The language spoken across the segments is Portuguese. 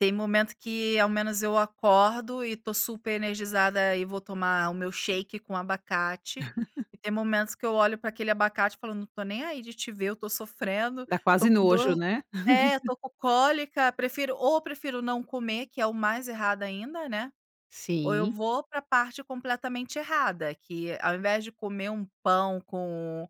Tem momento que ao menos eu acordo e estou super energizada e vou tomar o meu shake com abacate, e tem momentos que eu olho para aquele abacate e falo não estou nem aí de te ver, eu estou sofrendo, Dá estou quase com nojo, dor, né. é, estou com cólica, prefiro ou prefiro não comer, que é o mais errado ainda, né, ou eu Sim. vou para parte completamente errada, que ao invés de comer 1 pão com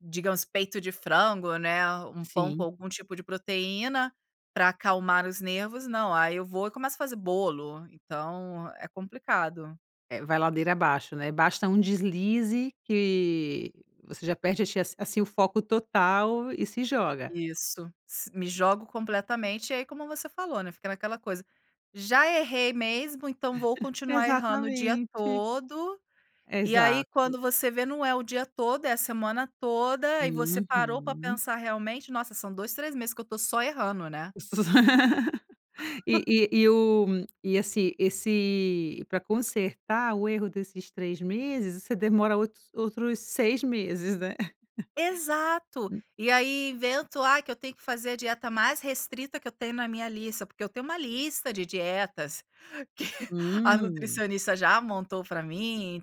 digamos peito de frango, né, 1 pão com Sim. algum tipo de proteína, para acalmar os nervos, não, aí eu vou e começo a fazer bolo, então é complicado. É, vai ladeira abaixo, né, basta um deslize que você já perde [unintelligible] assim o foco total e se joga. Isso, si me jogo completamente, aí como você falou, né, fica naquela coisa, já errei mesmo então vou continuar errando o dia Exatamente. todo, e aí Exato. quando você vê não é o dia todo, é a semana toda, e você parou para Uhum. pensar realmente, nossa são 2, 3 meses que eu estou só errando, né. E e e o esse esse para consertar o erro desses 3 meses você demora outros 6 meses, né. Exato. [unintelligible] E aí invento, ah, que eu tenho que fazer a dieta mais restrita que eu tenho na minha lista, porque eu tenho uma lista de dietas, que a Hum. nutricionista já montou para mim,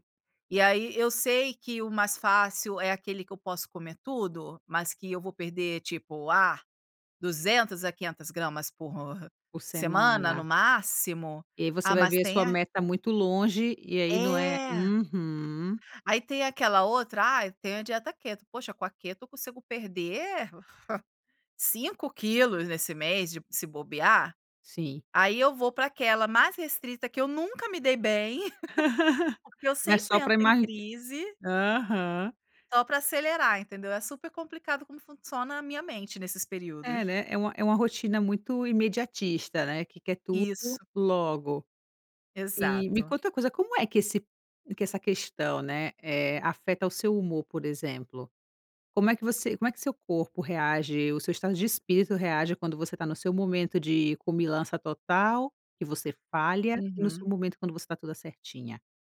e aí eu sei que o mais fácil é aquele que eu posso comer tudo, mas que eu vou perder tipo, ah, 200 a 500 gramas por Por semana no semana. máximo. E aí você Ah vai mas ver a tem sua a meta muito longe e aí não é. É. Uhum. Aí tem aquela outra ai tenho a dieta keto, poxa com a keto eu consigo perder, 5 quilos nesse mês de se bobear. Sim. Aí eu vou para aquela mais restrita que eu nunca me dei bem, porque eu Mas sempre só para entro em emag crise. Aham. Só para acelerar entendeu, é super complicado como funciona a minha mente nesses É, períodos. né, é um é uma rotina muito imediatista, né, que quer tudo Isso. logo. E me Exato. conta uma coisa como é que esse que essa questão, né, eh, afeta o seu humor por exemplo? Como é que você como é que seu corpo reage, o seu estado de espírito reage quando você está no seu momento de comilança total, que você falha, e no seu Uhum. momento quando você está toda certinha?